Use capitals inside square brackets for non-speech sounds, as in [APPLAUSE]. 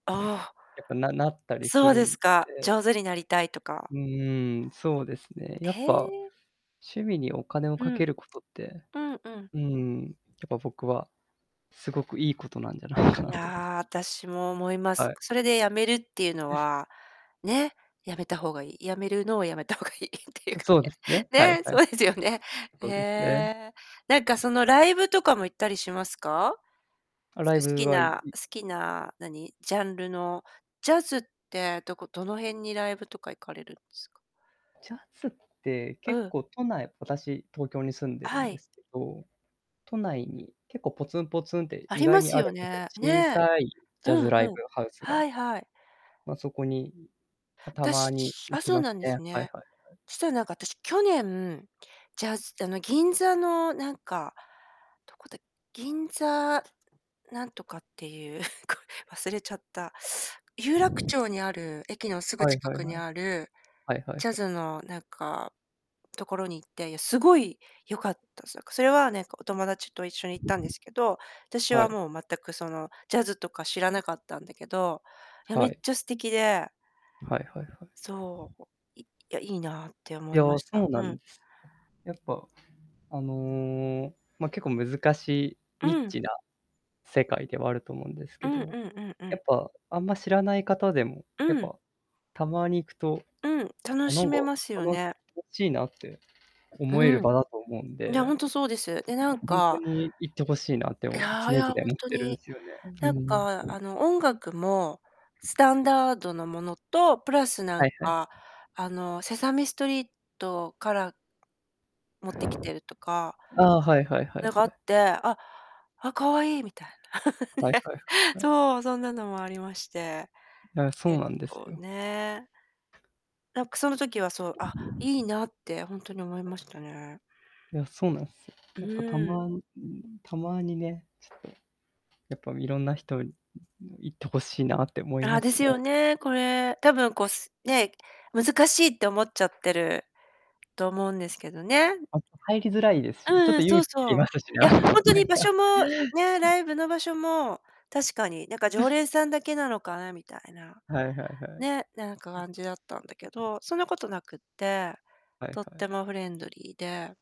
ああ。やっぱななったりすそうるですんか。で上手になりたいとかうーん、そうですね、やへっぱ、え。趣味にお金をうかけん。ることって、うんうん。うん、やっぱ、僕はすごくいいことなんじゃないかいなとやあ、私も思います。はい。それで止めるっていうのうん。は、ね、止めた方が良い。止めるのを止めた方が良いっていうかそうですね、はね。いね、はい。そうですよね。へそうですね。え。何かそのライブとかも行ったりしますか？あ、すライ好ブきはいない好きな何、ジャンルのジャズって、どこどの辺にライブとか行かれるんですか？ジャズってう結ん。構都内、私東京に住んでるはんでい。すけど、都内に結構ポツンポツンってあ意り外まにすあよるんですよ。ね。小ね。さいジャうズんライうブん。ハウスが。はいはい。ま、そこに、ま、たま私にあ、行きそうまなすんですね。はいね。はいはい。そしたらなんか私、去年ジャズあの、銀座のなんか、どこだ、銀座、なんとかっていう [CHUCKLES] 忘れちゃった。有楽町にある、駅のすぐはい近はいくはにい。ある、はいはいはい。ジャズのなんか、所に行って、いや凄い良かったです。それはなんか、お友達と一緒に行ったんですけど、私ははい。もう全くその、ジャズとか知らなかったんだけど、いや、めはっい。ちゃ素敵ではいはいはい。そう、いいやいいなってい思いや、ましそた。うなうん。んです。やっぱ、あの、ま、結構難しいうニッん。チな世界ではあると思うんですうけんうど、んうんうやん。っぱ、あんま知らない方でも、やっうん。ぱ、たまに行くとうん、楽しめま [UNINTELLIGIBLE] すよ楽ね。しいなって思えるうん。場だと思うんいや、で、本当そうです。で、や、なん本当かに行って欲しいなって常い々やいやほん思っとてるんに。すよね。うなんん。かあの、音楽も、スタンダードなものと、プラスなんはいはい。かあの、セサミストリートから持ってきてるとかああ、はいはいはいなんかあはい。って、あ、あ、可愛いみたいな。はいはいはい [LAUGHS] はい。そう、そんなのもありまして。あ、そう結なんです構よ。ね。なんかその時はそう、あ、いいなってほんとに思いましたね。いや、そうなんすよ。やっぱたうん。まにたまにね、ちょっと、やっぱいろんな人に行って欲しいなって思いああ、まですすよ [UNINTELLIGIBLE] ね、これ、多分こうすね、難しいって思っちゃってると思うんですけどね。あと、入りづらいですうしね、ちょんっうとん、そ勇う気いそりう。ますしね。いや、ほん [LAUGHS] となにん場か。所もね、[LAUGHS] ライブの場所も、確かになんか、常 [LAUGHS] 連さんだけなのかなみたいな。はいはいはい。ね、なんか感じだったんだけど、そんなことなくって、はいとっはてい。もフレンドリーで